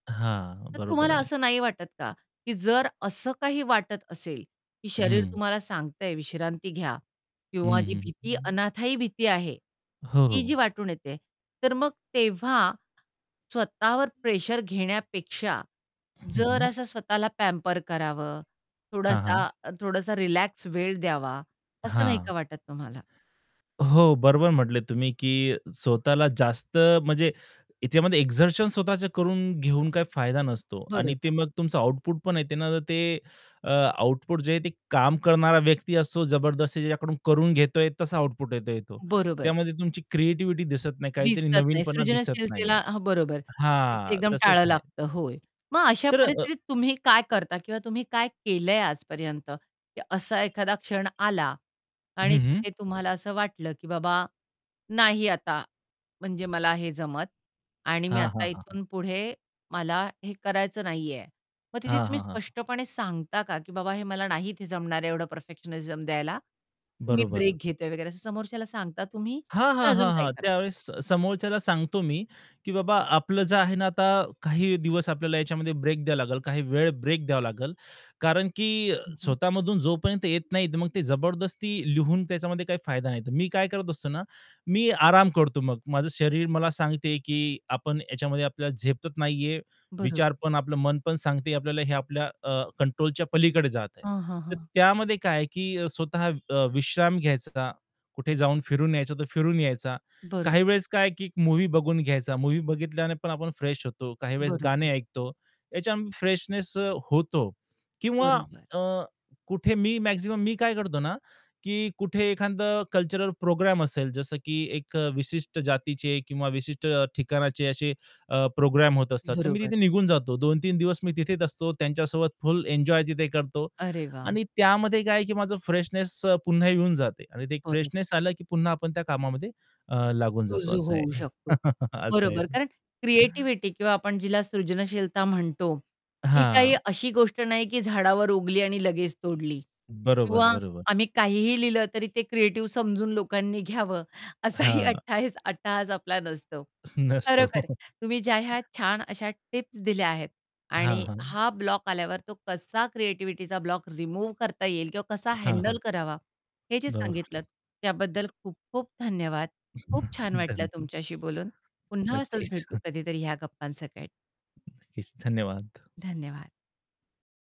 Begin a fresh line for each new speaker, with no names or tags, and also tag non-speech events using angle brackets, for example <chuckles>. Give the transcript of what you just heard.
हां,
तर
बरोबर
तुम्हाला
आहे.
असं नाही वाटत का, की जर असं काही वाटत असेल, की शरीर
हं.
तुम्हाला सांगतय विश्रांती घ्या.
हं,
किंवा जी
हं,
भीती
हं.
अनाथायी भीती आहे,
हो,
ती
हो.
जी वाटून येते. तर मग तेव्हा स्वतःवर प्रेशर घेण्यापेक्षा,
हं,
जर
हं.
असं स्वतःला पॅम्पर करावं
हां, हां.
थोडासा थोडासा रिलॅक्स वेळ द्यावा, असं नाही
हां,
का वाटत तुम्हाला?
हो, बरोबर म्हटले तुम्ही, की स्वतःला जास्त म्हणजे ह्याच्यामध्ये एक्झर्शन स्वतःच करून घेऊन काही फायदा नसतो आणि ते
बरोबर.
मग तुमचं आउटपुट पण आहे ना, ते अ, आउटपुट जे आहे ते काम करणारा व्यक्ती असो जबरदस्ती ज्याच्याकडून करून घेतोय तसा आउटपुट येतो तो.
बरोबर.
त्यामध्ये तुमची क्रिएटिव्हिटी दिसत नाही, काहीतरी
दिसत नाही.
नवीनपणा दिसत नाहीये.
सृजनशीलतेला हां, बरोबर. तिथे
हां,
एकदम
तसंच
टाळं
आहे.
लागतं. होय. मग अशा
तर अ
परिस्थितीत तुम्ही काय करता किंवा तुम्ही काय केलंय आजपर्यंत? की असा एखादा क्षण आला आणि
हं, हं.
तिथे तुम्हाला असं वाटलं की बाबा, नाही आता म्हणजे मला हे जमत आणि मी
हां,
आता
हां, हां, हां.
इथून पुढे मला हे करायचं नाहीये. मग तिथे
हां,
तुम्ही
हां, हां, हां.
स्पष्टपणे सांगता का, की बाबा हे मला नाही इथे जमणार आहे एवढं परफेक्शननिझम द्यायला, मी
बरोबर.
ब्रेक घेतोय वगैरे असं समोरच्याला सांगता तुम्ही?
हां, हां,
का अजून
हां,
काही
हां.
करता.
त्यावेळेस समोरच्याला सांगतो मी, की "बाबा, आपलं जे आहे ना आता काही दिवस आपल्याला याच्यामध्ये ब्रेक द्यावा लागेल, काही वेळ ब्रेक द्यावा लागेल." कारण की
हं, हं.
स्वतःमधून जोपर्यंत येत नाही, मग ते जबरदस्ती लिहून त्याच्यामध्ये काही फायदा नाही. मी काय करत असतो ना, मी आराम करतो मग. माझं शरीर मला सांगते, की आपण ह्याच्यामध्ये आपल्याला झेपत नाहीये.
बरोब
विचार पण, आपलं मन पण सांगते, आपल्याला हे आपल्या अ, कंट्रोलच्या पलीकडे जात आहे.
हां, हां,
तर
हां.
त्यामध्ये काय आहे की स्वतः अ, विश्राम घ्यायचा का कुठे जाऊन फिरून यायचं, तर फिरून यायचा.
बरोबर.
काही वेळेस, काय आहे की एक मूव्ही बघून घ्यायचा, मूव्ही बघितल्याने पण आपण फ्रेश होतो. काही वेळेस
बरोबर.
गाणे ऐकतो, याच्या फ्रेशनेस अ, होतो किंवा
बरोबर.
अ, कुठे मी मॅक्सिमम मी काय करतो ना की कुठे एखादा कल्चरल प्रोग्राम असेल, जसं की एक विशिष्ट जातीचे किंवा विशिष्ट ठिकाणाचे असे अ, प्रोग्राम होत असतात, तर मी
बरोबर.
तिथे निघून जातो. 2-3 दिवस मी तिथेच असतो त्यांच्यासोबत फुल एन्जॉय तिथे करतो.
अरे वाह!
आणि त्यामध्ये काय आहे की माझं फ्रेशनेस अ, पुन्हा येऊन जाते आणि ते एक
बरोबर.
फ्रेशनेस आलं की पुन्हा आपण त्या कामामध्ये अ, लागून जातो
रुजू
असं
होऊ
आहे.
शकतो.
<chuckles> असं आहे
बरोबर.
ते.
कारण क्रिएटिव्हिटी किंवा आपण जिला सृजनशीलता म्हणतो, ही काही
हां.
अशी गोष्ट नाही की झाडावर उगली आणि लगेच तोडली.
बरोबर,
किंवा
बरोबर.
आम्ही काहीही लिहिलं तरी ते क्रिएटिव्ह समजून लोकांनी घ्यावं, असाही अ,
हां.
हट्टईस हट्टहास आपला नसतो.
नसतो.
खरोखर तुम्ही ज्या ह्या
<chuckles>
छान अशा टिप्स दिल्या आहेत
हां,
आणि
हां.
हा ब्लॉक आल्यावर तो कसा क्रिएटिव्हिटीचा ब्लॉक रिमूव्ह करता येईल किंवा कसा
हां, हां.
हँडल करावा, हे जे सांगितलंत,
बरोबर.
त्याबद्दल खूप खूप धन्यवाद. खूप छान वाटलं
धन्य
तुमच्याशी बोलून. पुन्हा असंच
नक्कीच.
भेटू
<chuckles>
कधीतरी ह्या गप्पांसकट.
नक्कीच. धन्यवाद.
धन्यवाद.